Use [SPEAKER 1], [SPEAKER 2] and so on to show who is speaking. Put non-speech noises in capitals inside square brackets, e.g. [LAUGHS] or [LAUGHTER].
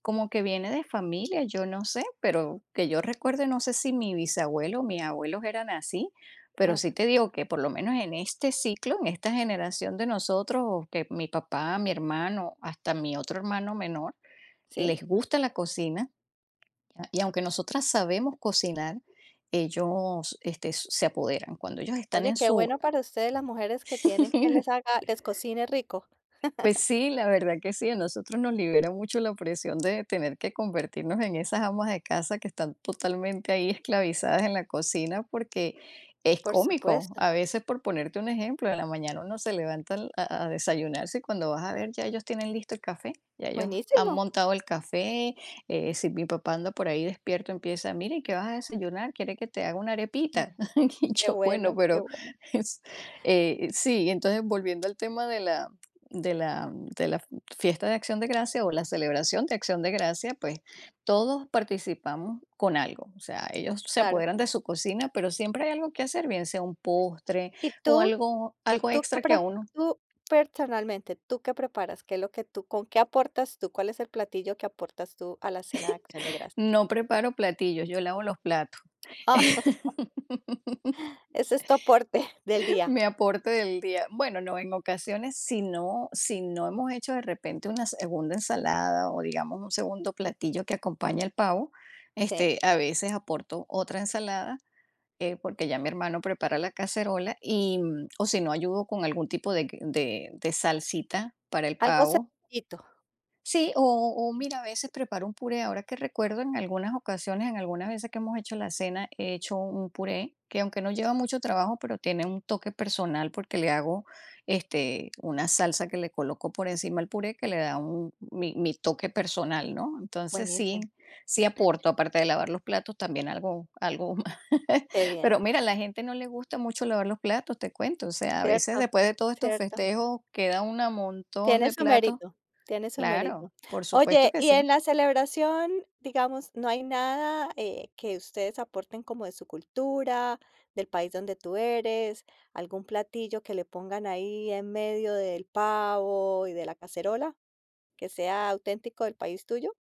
[SPEAKER 1] Como que viene de familia, yo no sé, pero que yo recuerde, no sé si mi bisabuelo o mis abuelos eran así, pero
[SPEAKER 2] Ajá.
[SPEAKER 1] sí te digo que por lo menos en este ciclo, en esta generación de nosotros o que mi papá, mi hermano, hasta mi otro hermano menor,
[SPEAKER 2] Sí.
[SPEAKER 1] les gusta la cocina, y aunque nosotras sabemos cocinar, ellos, este, s se apoderan cuando ellos están
[SPEAKER 2] Oye,
[SPEAKER 1] en
[SPEAKER 2] qué
[SPEAKER 1] su
[SPEAKER 2] bueno para ustedes las mujeres que tienen quien les
[SPEAKER 1] [CHUCKLES]
[SPEAKER 2] haga les cocine rico.
[SPEAKER 1] Pues
[SPEAKER 2] [CHUCKLES]
[SPEAKER 1] sí, la verdad que sí, a nosotros nos libera mucho la presión de tener que convertirnos en esas amas de casa que están totalmente ahí esclavizadas en la cocina, porque es
[SPEAKER 2] Por
[SPEAKER 1] cómico.
[SPEAKER 2] supuesto.
[SPEAKER 1] A veces, por ponerte un ejemplo, en la mañana uno se levanta al a a desayunarse, y cuando vas a ver ya ellos tienen listo el café, ya ellos han
[SPEAKER 2] Buenísimo.
[SPEAKER 1] montado el café, eh, si mi papá anda por ahí despierto empieza: "Mira, ¿y qué vas a desayunar? ¿Quiere que te haga una
[SPEAKER 2] Mm.
[SPEAKER 1] arepita?" [CHUCKLES] Y
[SPEAKER 2] Qué
[SPEAKER 1] yo, bueno,
[SPEAKER 2] bueno, qué
[SPEAKER 1] pero,
[SPEAKER 2] bueno.
[SPEAKER 1] es, eh, sí, entonces, volviendo al tema de la de la de la f fiesta de acción de gracia o la celebración de acción de gracia, pues, todos participamos con algo, o sea, ellos se
[SPEAKER 2] Claro.
[SPEAKER 1] apoderan de su cocina, pero siempre hay algo que hacer, bien sea un postre
[SPEAKER 2] ¿Y
[SPEAKER 1] o
[SPEAKER 2] tú?
[SPEAKER 1] algo algo
[SPEAKER 2] ¿Tú que
[SPEAKER 1] extra que a
[SPEAKER 2] pref
[SPEAKER 1] uno
[SPEAKER 2] tú personalmente, tú que preparas, qué es lo que tú con qué aportas tú, cuál es el platillo que aportas tú a la cena de acción de
[SPEAKER 1] [GIGGLES]
[SPEAKER 2] gracias?
[SPEAKER 1] No preparo platillos, yo lavo los platos.
[SPEAKER 2] [CHUCKLES]
[SPEAKER 1] [LAUGHS]
[SPEAKER 2] Ese es tu aporte [CHUCKLES] del día.
[SPEAKER 1] Mi aporte del día, bueno no, en ocasiones si no si no hemos hecho de repente una segunda ensalada o digamos un segundo platillo que acompañe al pavo,
[SPEAKER 2] Sí.
[SPEAKER 1] este, a veces aporto otra ensalada, eh, porque ya mi hermano prepara la cacerola y, mm, o si no ayudo con algún tipo de q de de salsita para el
[SPEAKER 2] Algo
[SPEAKER 1] pavo.
[SPEAKER 2] sencillito.
[SPEAKER 1] Sí, o o mira, a veces preparo un puré, ahora que recuerdo en algunas ocasiones, en algunas veces que hemos hecho la cena, he hecho un puré que, aunque no lleva mucho trabajo, pero tiene un toque personal porque le hago, este, una salsa que le coloco por encima al puré que le da un mi mi toque personal, ¿no? Entonces sí,
[SPEAKER 2] Buenísimo.
[SPEAKER 1] sí aporto, aparte de lavar los platos, también algo algo [CHUCKLES]
[SPEAKER 2] Qué bien.
[SPEAKER 1] Pero mira, la gente no le gusta mucho lavar los platos, te cuento, o sea, a veces
[SPEAKER 2] Cierto,
[SPEAKER 1] después de todos estos
[SPEAKER 2] cierto.
[SPEAKER 1] festejos queda una montón
[SPEAKER 2] Tiene
[SPEAKER 1] de
[SPEAKER 2] su
[SPEAKER 1] platos.
[SPEAKER 2] mérito, tiene su
[SPEAKER 1] Claro,
[SPEAKER 2] mérito.
[SPEAKER 1] por supuesto
[SPEAKER 2] Oye,
[SPEAKER 1] que
[SPEAKER 2] y
[SPEAKER 1] sí.
[SPEAKER 2] en la celebración, digamos, ¿no hay nada, eh, que ustedes aporten como de su cultura, del país donde tú eres, algún platillo que le pongan ahí en medio del pavo y de la cacerola, que sea auténtico del país tuyo?